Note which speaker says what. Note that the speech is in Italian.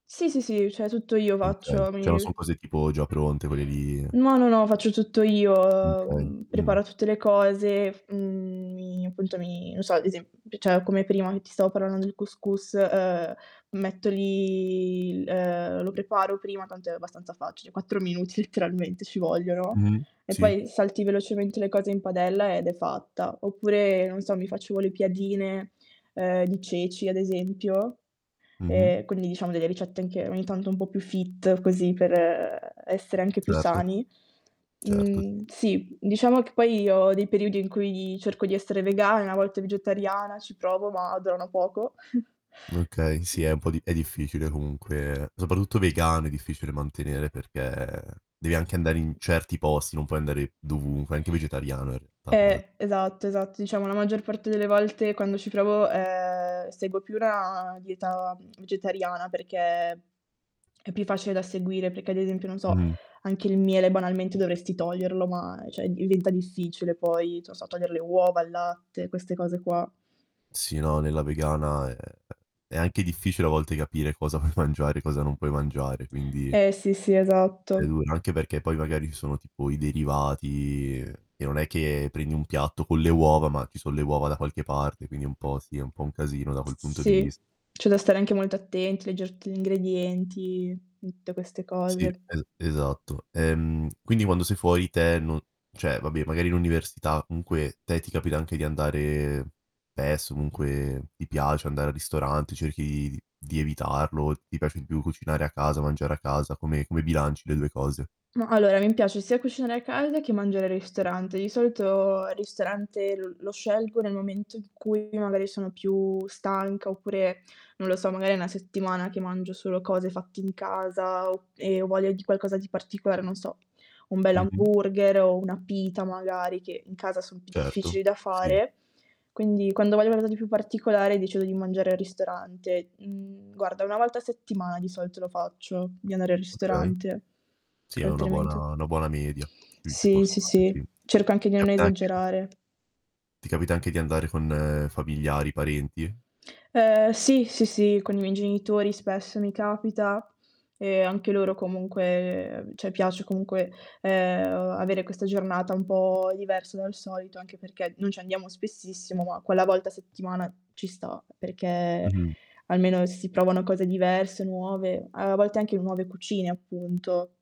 Speaker 1: Sì, sì, sì, cioè, tutto io
Speaker 2: Okay.
Speaker 1: faccio, mi
Speaker 2: Cioè, non son cose tipo già pronte, quelle lì
Speaker 1: No, no, no, faccio tutto io,
Speaker 2: Okay,
Speaker 1: uhm,
Speaker 2: mh.
Speaker 1: preparo tutte le cose, f mhmm, mi appunto mi non so, ad esemp cioè, come prima che ti stavo parlando del cous cous, ehm, metto lì, ehm, lo preparo prima, tanto è abbastanza facile. 4 minuti letteralmente ci vogliono,
Speaker 2: Mh-mh,
Speaker 1: e
Speaker 2: sì.
Speaker 1: poi salti velocemente le cose in padella ed è fatta. Oppure, non so, mi facevo le piadine, ehm, di ceci, ad esempio,
Speaker 2: Mh-mh.
Speaker 1: e quindi diciamo delle ricette anche ogni tanto un po' più fit, così, per essere anche più
Speaker 2: Certo,
Speaker 1: sani,
Speaker 2: certo.
Speaker 1: mhmm, sì, diciamo che poi io ho dei periodi in cui cerco di essere vegana, una volta vegetariana, ci provo, ma durano poco.
Speaker 2: Okay, sì è un po' è difficile comunque, soprattutto vegano è difficile mantenere perché devi anche andare in certi posti, non puoi andare dovunque, anche vegetariano è [unintelligible]
Speaker 1: Eh, esatto. Esatto, diciamo la maggior parte delle volte quando ci provo, ehm, seguo più una dieta vegetariana, perché è più facile da seguire, perché ad esempio, non so,
Speaker 2: Mh-mh.
Speaker 1: anche il miele, banalmente, dovresti toglierlo, ma cioè diventa difficile poi, non so, togliere le uova, il latte, queste cose qua.
Speaker 2: Sì, no, nella vegana è è anche difficile a volte capire cosa puoi mangiare, cosa non puoi mangiare, quindi
Speaker 1: Eh, sì sì,
Speaker 2: è
Speaker 1: esatto.
Speaker 2: dura. Anche perché poi magari ci sono tipo i derivati, e non è che prendi un piatto con le uova, ma ci son le uova da qualche parte, quindi un po' sì, è un po' un casino da quel punto di
Speaker 1: Sì,
Speaker 2: vis
Speaker 1: c'è da stare anche molto attenti a legger tutti gli ingredienti, tutte queste
Speaker 2: Sì,
Speaker 1: cose.
Speaker 2: e esatto. Ehm, quindi quando sei fuori te non cioè, vabbè magari l'università comunque te ti capita anche di andare, spesso comunque, ti piace andare al ristorante, cerchi d di evitarlo, ti piace di più cucinare a casa, mangiare a casa, come come bilanci le due cose?
Speaker 1: Ma, allora, mi piace sia cucinare a casa che mangiare al ristorante. Di solito il ristorante lo scelgo nel momento in cui magari sono più stanca oppure, non lo so, magari è una settimana che mangio solo cose fatte in casa o e ho voglia di qualcosa di particolare, non so, un
Speaker 2: Mh-mh.
Speaker 1: bell'hamburger o una pita magari, che in casa son più difficili
Speaker 2: Certo,
Speaker 1: da
Speaker 2: sì.
Speaker 1: fare. Quindi quando ho voglia di qualcosa di più particolare, decido di mangiare al ristorante. Mhmm, guarda, una volta a settimana di solito lo faccio, di andare al
Speaker 2: Okay.
Speaker 1: ristorante.
Speaker 2: Sì, è una buona
Speaker 1: Altrimenti
Speaker 2: una buona media. Sì, ci può
Speaker 1: Sì, sì,
Speaker 2: stare,
Speaker 1: sì,
Speaker 2: sì.
Speaker 1: cerco anche di non
Speaker 2: Capita anche
Speaker 1: esagerare.
Speaker 2: Ti capita anche di andare con familiari, parenti?
Speaker 1: Ehm, sì, sì, sì, con i miei genitori, spesso, mi capita e anche loro comunque cioè piace comunque, ehm, avere questa giornata un po' diversa dal solito. Anche perché non ci andiamo spessissimo, ma quella volta a settimana ci sta, perché
Speaker 2: Mh-mh.
Speaker 1: almeno si provano cose diverse, nuove. A volte anche nuove cucine appunto.